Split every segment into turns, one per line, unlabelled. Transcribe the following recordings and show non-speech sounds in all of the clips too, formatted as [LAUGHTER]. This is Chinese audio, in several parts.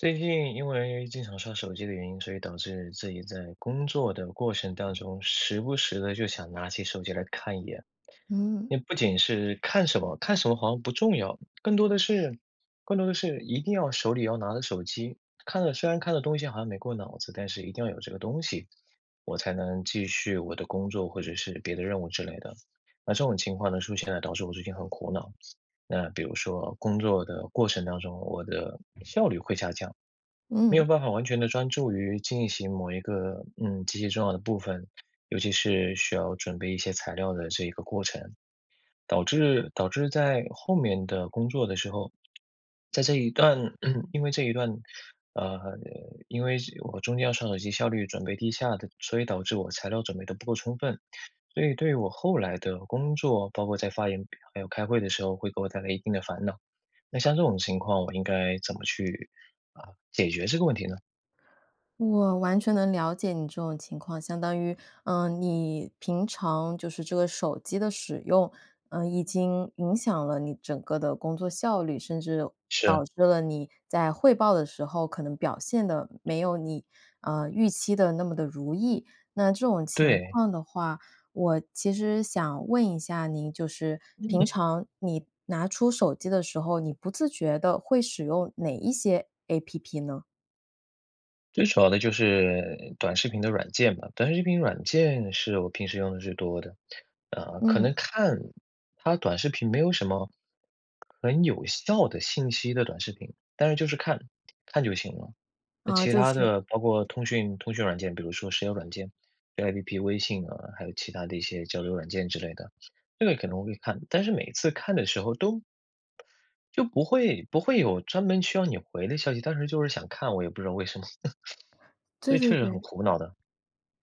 最近因为经常刷手机的原因，所以导致自己在工作的过程当中，时不时地就想拿起手机来看一眼。
嗯。
不仅是看什么看什么好像不重要，更多的是更多的是一定要手里要拿着手机。看了虽然看的东西好像没过脑子，但是一定要有这个东西，我才能继续我的工作或者是别的任务之类的。那这种情况的出现呢，导致我最近很苦恼。那比如说工作的过程当中，我的效率会下降。没有
嗯。
办法完全地专注于进行某一个，嗯，极其重要的部分，尤其是需要准备一些材料的这一个过程。导致导致在后面的工作的时候在这一段 [CLEARS THROAT] 因为这一段呃，因为这我中间要刷手机，效率准备低下的，所以导致我材料准备得不够充分。所以对于我后来的工作，包括在发言还有开会的时候会给我带来一定的烦恼。那像这种情况，我应该怎么去，啊，解决这个问题呢？
我完全能了解你这种情况。相当于呃，你，平常就是这个手机的使用，呃，已经影响了你整个的工作效率，甚至，导
是。
致了你在汇报的时候，可能表现得没有你，呃，预期的那么地如意。那这种情
对。
况的话我其实想问一下您，就是平
嗯。
常你拿出手机的时候，你不自觉地会使用哪一些 App 呢？
最主要的就是短视频的软件吧，短视频软件是我平时用得最多的。呃，可
嗯。
能看它短视频没有什么，很有效的信息的短视频，但是就是看，看就行了。那
呃，
其
就
他
是
的包括通讯通讯软件，比如说 [UNINTELLIGIBLE] 软件，[UNINTELLIGIBLE] App 微信啊，还有其他的一些交流软件之类的。这个可能会看，但是每次看的时候都就不会不会有专门需要你回的消息，但是就是想看，我也不知道为什么。[CHUCKLES] 所
对
以
对
确实很
对。
苦恼的。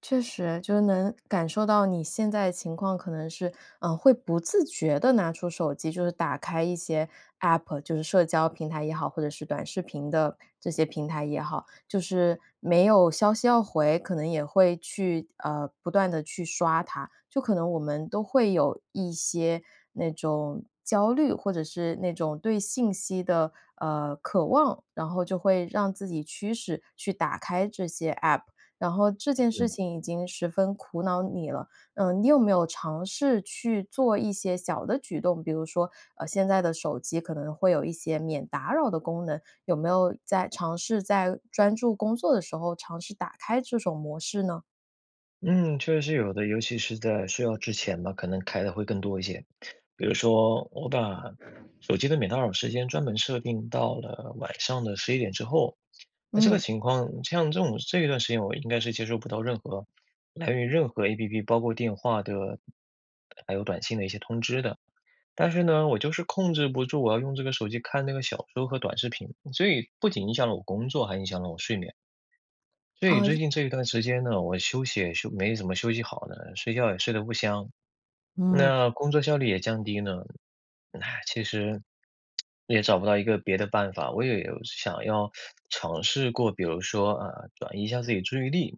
确实，就是能感受到你现在情况可能是，呃，会不自觉地拿出手机就是打开一些 App 就是社交平台也好，或者是短视频的这些平台也好。就是没有消息要回，可能也会去呃，不断地去刷它。就可能我们都会有一些那种，焦虑或者是那种对信息的，呃，渴望，然后就会让自己驱使去打开这些 App，然后这件事
嗯。
情已经十分苦恼你了。呃，你有没有尝试去做一些小的举动，比如说，呃，现在的手机可能会有一些免打扰的功能，有没有在尝试在专注工作的时候尝试打开这种模式呢？
嗯，确实是有的。尤其是在睡觉之前吧，可能开得会更多一些。比如说我把，手机的免打扰时间专门设定到了晚上的11点之后。那这个
嗯。
情况像这种这一段时间我应该是接收不到任何来源于任何 APP，包括电话的还有短信的一些通知的。但是呢，我就是控制不住，我要用这个手机看那个小说和短视频。所以不仅影响了我工作，还影响了我睡眠。所以
啊，
最
就
近这一段时间呢，我休息也休没怎么休息好的，睡觉也睡得不香，
嗯。
那工作效率也降低呢。唉，其实，也找不到一个别的办法。我也有想要尝试过，比如说，啊，转移一下自己注意力。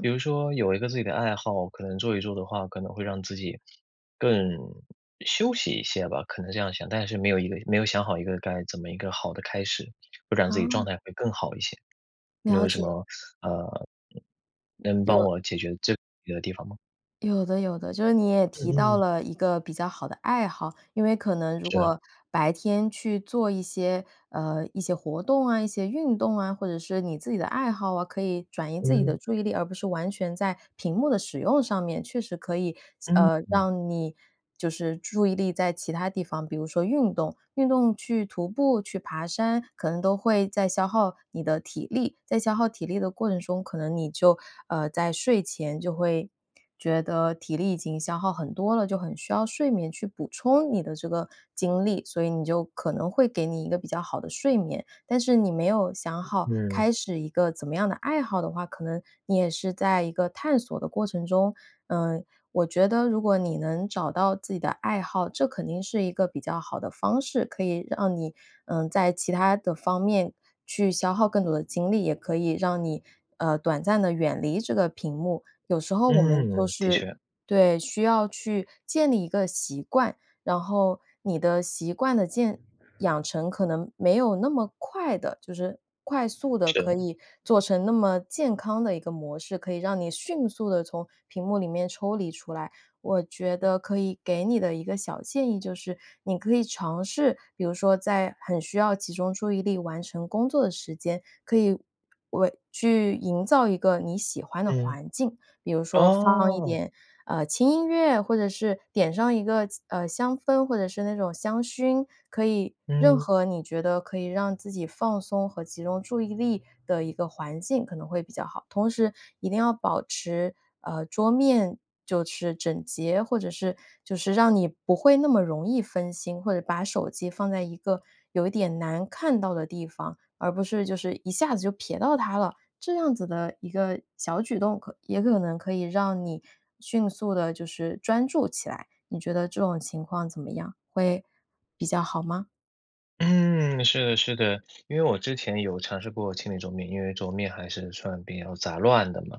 比如说有一个自己的爱好，可能做一做的话，可能会让自己，更休息一些吧，可能这样想。但是没有一个没有想好一个该怎么一个好的开始，不然自己
啊。
状态会更好一些。你
了
有什
解。
么，呃，嗯，能帮
有
我解决这个问题的地方吗？
有的有的。就是你也
嗯
提到
嗯。
了一个比较好的爱好，因为可能如
是。
果白天去做一些，呃，一些活动啊、一些运动啊，或者是你自己的爱好啊，可以转移自己的
嗯。
注意力，而不是完全在屏幕的使用上面，确实可以，就呃，
嗯。
让你就是注意力在其它地方。比如说运动，运动去徒步、去爬山，可能都会在消耗你的体力。在消耗体力的过程中，可能你就呃，在睡前就会觉得体力已经消耗很多了，就很需要睡眠去补充你的这个精力，所以你就可能会给你一个比较好的睡眠。但是你没有想好
嗯。
开始一个怎么样的爱好的话，可能你也是在一个探索的过程中。呃，我觉得如果你能找到自己的爱好，这肯定是一个比较好的的方式，可以让你，呃，在其他的方面去消耗更多的精力，也可以让你，呃，短暂地远离这个屏幕。有时候我们就
嗯，的
是
确。
对，需要去建立一个习惯，然后你的习惯的建养成可能没有那么快地就是快速地可
是。
以做成那么健康的一个模式，可以让你迅速地从屏幕里面抽离出来。我觉得可以给你的一个小建议就是，你可以尝试，比如说在很需要集中注意力完成工作的时间，可以为去营造一个你喜欢的
嗯，
环境，比如说放一
哦。
点，呃，轻音乐，或者是点上一个气呃，香氛，或者是那种香薰，可以任
嗯。
何你觉得可以让自己放松和集中注意力的一个环境可能会比较好。同时一定要保持，呃，桌面就是整洁，或者是就是让你不会那么容易分心，或者把手机放在一个有一点难看到的地方，而不是就是一下子就暼到它了。这样子的一个小举动可也可能可以让你迅速地就是专注起来。你觉得这种情况怎么样？会比较好吗？
嗯，是的是的。因为我之前有尝试过清理桌面，因为桌面还是算比较杂乱的嘛，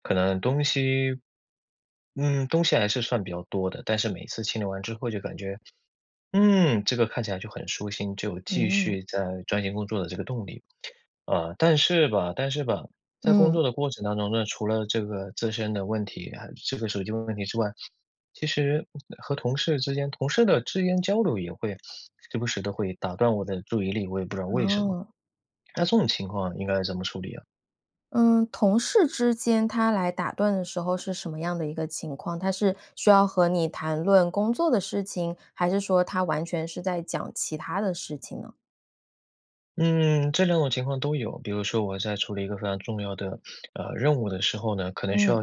可能东西嗯，东西还是算比较多的。但是每次清理完之后就感觉，嗯，这个看起来就很舒心，就有继
嗯。
续再钻研工作的这个动力。啊，但是吧但是吧，在工
嗯。
作的过程当中呢，除了这个自身的问题，还有这个手机的问题之外，其实，和同事之间同事的之间交流也会时不时地会打断我的注意力，我也不知道为什么。
哦。
那这种情况应该怎么处理啊？
嗯，同事之间他来打断的时候是什么样的一个情况？他是需要和你谈论工作的事情，还是说他完全是在讲其它的事情呢？
嗯，这2种情况都有。比如说我在处理一个非常重要的，[SNIFFS] 呃，任务的时候呢，可能需
嗯。
要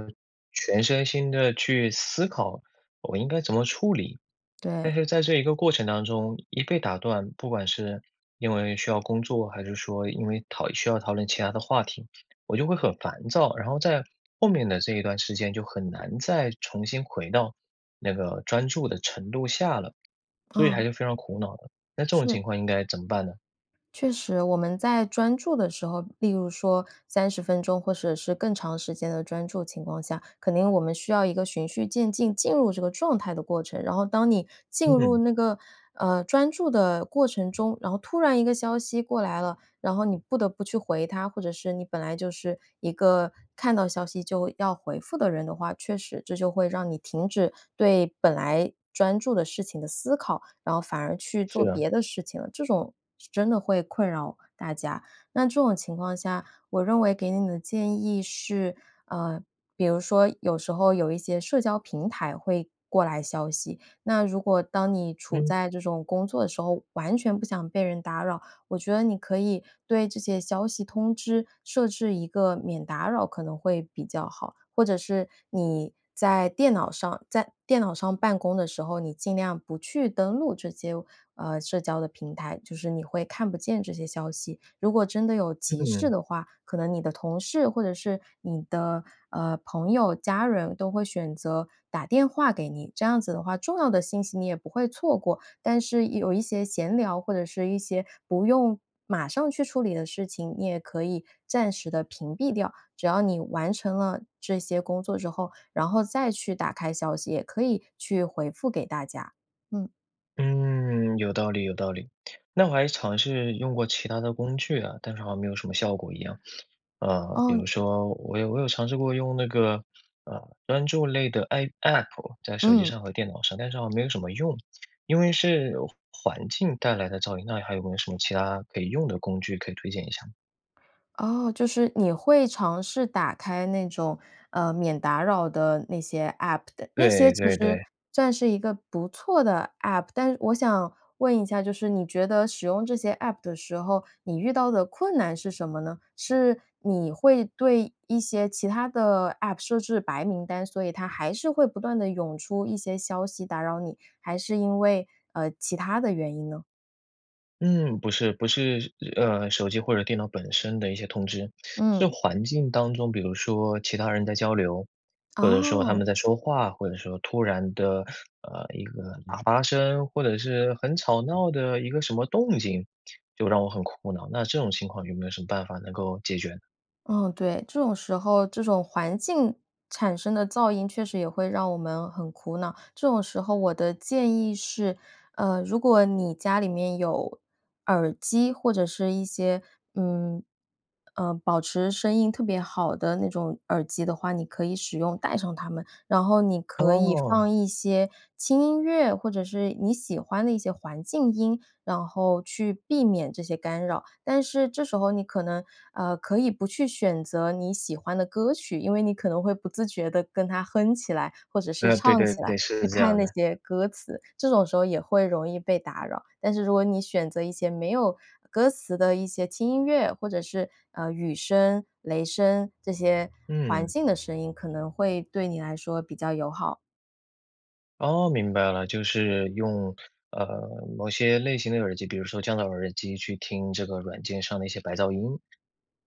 全身心地去思考我应该怎么处理。但
对。
是在这一个过程当中一被打断，不管是因为需要工作，还是说因为讨需要讨论其他的话题，我就会很烦躁。然后在后面的这一段时间就很难再重新回到那个专注的程度下了，所以还
啊。
是非常苦恼的。那这种
是。
情况应该怎么办呢？
确实，我们在专注的时候，例如说30分钟或者是更长时间的专注情况下，肯定我们需要一个循序渐进进入这个状态的过程。然后当你进入
嗯。
那个，呃，专注的过程中，然后突然一个消息过来了，然后你不得不去回它。或者是你本来就是一个看到消息就要回复的人的话，确实这就会让你停止对本来专注的事情的思考，然后反而去做
是啊。
别的事情了，这种是真的会困扰大家。那这种情况下，我认为给你的建议是，呃，比如说有时候有一些社交平台会过来消息，那如果当你处
嗯。
在这种工作的时候，完全不想被人打扰，我觉得你可以对这些消息通知设置一个免打扰可能会比较好。或者是你在电脑上在电脑上办公的时候，你尽量不去登录这些，呃，社交的平台，就是你会看不见这些消息。如果真的有急事
嗯。
的话，可能你的同事或者是你的，呃，朋友、家人都会选择打电话给你。这样子的话，重要的信息你也不会错过。但是有一些闲聊，或者是一些不用马上去处理的事情，你也可以暂时地屏蔽掉。只要你完成了这些工作之后，然后再去打开消息，也可以去回复给大家，嗯。
嗯，有道理有道理。那我还尝试用过其他的工具啊，但是好像没有什么效果一样。[SNIFFS] 呃，比
哦，
如
嗯
说我有我有尝试过用那个，呃，专注类的 A App，在手机
嗯。
上和电脑上，但是好像没有什么用。因为是环境带来的噪音。那还有没有什么其他可以用的工具可以推荐一下？
哦，就是你会尝试打开那种，呃，免打扰的那些 App 的。那些
对
其
对
实，
对。
算是一个不错的 App。但是我想问一下，就是你觉得使用这些 App 的时候，你遇到的困难是什么呢？是你会对一些其他的 App 设置白名单，所以它还是会不断地涌出一些消息打扰你，还是因为，呃，其他的原因呢？
嗯，不是不是呃，手机或者电脑本身的一些通知，是
嗯。
环境当中，比如说其他人在交流，或者说他
哦。
们在说话，或者说突然的，呃，一个喇叭声，或者是很吵闹的一个什么动静，就让我很苦恼。那这种情况有没有什么办法能够解决呢？
嗯，对，这种时候这种环境产生的噪音确实也会让我们很苦恼。这种时候我的建议是，呃，如果你家里面有，耳机或者是一些嗯，呃，保持声音特别好的那种耳机的话，你可以使用，戴上它们。然后你可以
哦。
放一些轻音乐，或者是你喜欢的一些环境音，然后去避免这些干扰。但是这时候你可能呃，可以不去选择你喜欢的歌曲，因为你可能会不自觉地跟它哼起来，或者是
嗯，对
唱
对
起来，
对，是
去
这
看
样
那
的。
些歌词，这种时候也会容易被打扰。但是如果你选择一些没有歌词的一些轻音乐，或者是，呃，雨声、雷声，这些环
嗯。
境的声音可能会对你来说比较友好。
哦，明白了，就是用呃，某些类型的耳机比如说降噪耳机去听这个软件上的一些白噪音，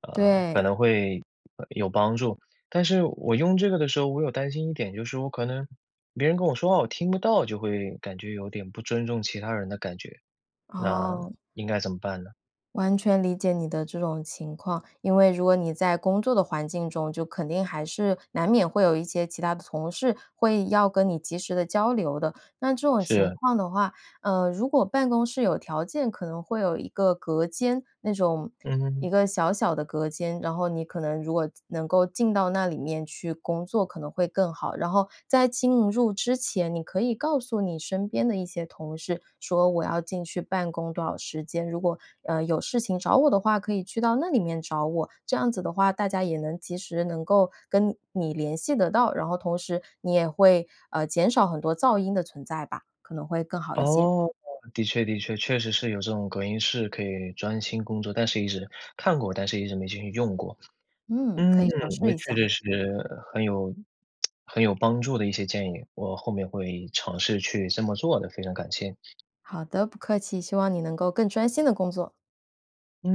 啊，可
对。
能会有帮助。但是我用这个的时候我有担心一点，就是我可能别人跟我说话我听不到，就会感觉有点不尊重其他人的感觉，那
哦。
应该怎么办呢？
完全理解你的这种情况，因为如果你在工作的环境中，就肯定还是难免会有一些其他的同事会要跟你及时地交流的。那这种情
是。
况的话，呃，如果办公室有条件，可能会有一个隔间那种
嗯。
一个小小的隔间，然后你可能如果能够进到那里面去工作可能会更好。然后在进入之前，你可以告诉你身边的一些同事，说：“我要进去办公多少时间，如果，呃，有事情找我的话，可以去到那里面找我。”这样子的话，大家也能及时能够跟你联系得到，然后同时你也会，呃，减少很多噪音的存在吧。可能会更好一些。
哦，的确的确，确实是有这种隔音室可以专心工作，但是一直看过，但是一直没进去用过。
嗯，可
嗯，
以尝试
那
一
确
下。
确实实很有很有帮助的一些建议，我后面会尝试去这么做的，非常感谢。
好的，不客气。希望你能够更专心地工作。
嗯。